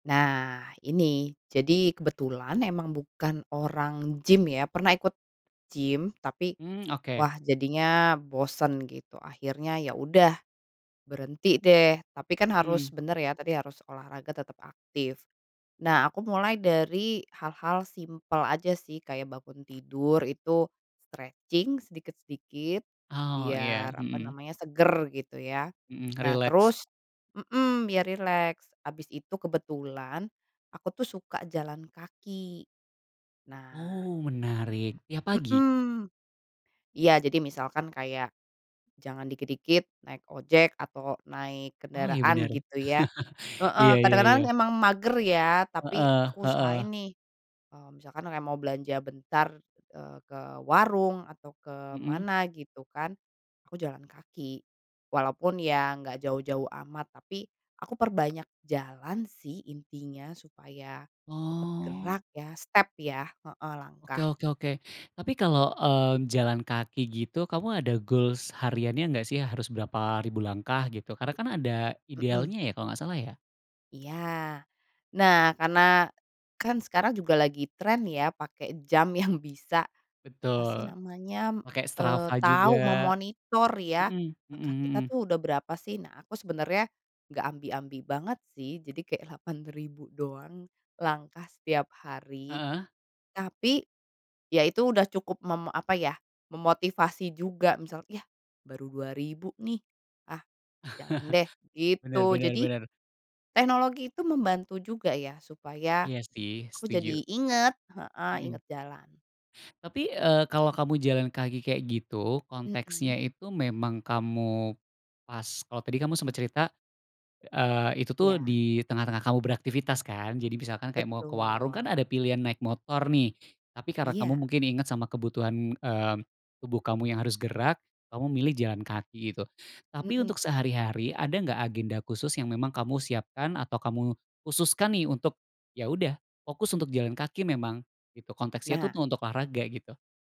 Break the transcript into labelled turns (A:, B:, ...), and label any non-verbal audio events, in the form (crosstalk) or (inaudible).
A: Nah ini, jadi kebetulan emang bukan orang gim ya. Pernah ikut gim tapi
B: Mmm, oke.
A: wah jadinya bosen gitu, akhirnya ya udah berhenti deh, tapi kan harus
B: Mmm.
A: bener ya, tadi harus olahraga tetap aktif. Nah, aku mulai dari hal-hal simpel aja sih, kayak bangun tidur itu stretching sedikit-sedikit
B: Oh
A: biar,
B: iya,
A: apa
B: mhm.
A: namanya, seger gitu ya.
B: Mhm,
A: Nah
B: rileks.
A: terus mhm, biar rileks habis itu kebetulan aku tuh suka jalan kaki, nah
B: Oh menarik, tiap pagi?
A: Mhm, iya, jadi misalkan kayak, jangan dikit-dikit naik ojek atau naik
B: Oh iya
A: kendaraan
B: bener.
A: gitu ya.
B: (chuckles)
A: Heeh,
B: Iya iya
A: kadang-kadang
B: iya.
A: memang mager ya tapi
B: Heeh
A: aku
B: heeh.
A: usahain nih, mmm, misalkan kayak mau belanja bentar, eee, ke warung atau ke
B: Mhm.
A: mana gitu kan, aku jalan kaki. Walaupun ya enggak jauh-jauh amat tapi aku perbanyak jalan sih intinya supaya tetep
B: Oh.
A: gerak ya, step ya, heeh,
B: Oke
A: langkah.
B: oke oke. Tapi kalau, eee, jalan kaki gitu, kamu ada goals hariannya nggak sih, harus berapa ribu langkah gitu? Karena kan ada
A: Mhm.
B: idealnya ya, kalo nggak salah ya?
A: Iya. Nah, karena kan sekarang juga lagi tren ya pakai jam yang bisa, apa sih
B: Betul,
A: namanya,
B: pake
A: eee,
B: Strava
A: tahu
B: juga.
A: memonitor ya,
B: Mhm
A: langkah
B: mhm
A: kita
B: mhm.
A: tuh udah berapa sih? Nah, aku sebenarnya nggak ambi-ambi banget sih, jadi kayak 8000 doang langkah setiap hari.
B: Heeh.
A: Tapi ya itu udah cukup mem apa ya, memotivasi juga misal "Yah baru 2000 nih, ah jalan deh,"
B: (laughs) Benar
A: gitu.
B: benar
A: Jadi,
B: benar.
A: teknologi itu membantu juga ya supaya
B: Iya sih,
A: aku
B: setuju.
A: jadi ingat heeh,
B: Mhm.
A: ingat jalan.
B: Tapi, eee, kalau kamu jalan kaki kayak gitu, konteksnya
A: Mhm.
B: itu memang kamu pas kalau tadi kamu sempet cerita, eee, itu tuh
A: Iya.
B: di tengah-tengah kamu beraktivitas kan. Jadi misalkan kayak mau ke warung, kan
A: Betul.
B: ada pilihan naik motor nih, tapi karena kamu
A: Iya.
B: mungkin ingat sama kebutuhan, eee, tubuh kamu yang harus gerak, kamu milih jalan kaki gitu. Tapi untuk
A: Mhm.
B: sehari-hari ada nggak agenda khusus yang memang kamu siapkan atau kamu khususkan nih untuk, ya udah fokus untuk jalan kaki memang? Gitu, konteksnya itu
A: Nah.
B: tuh untuk olahraga, gitu.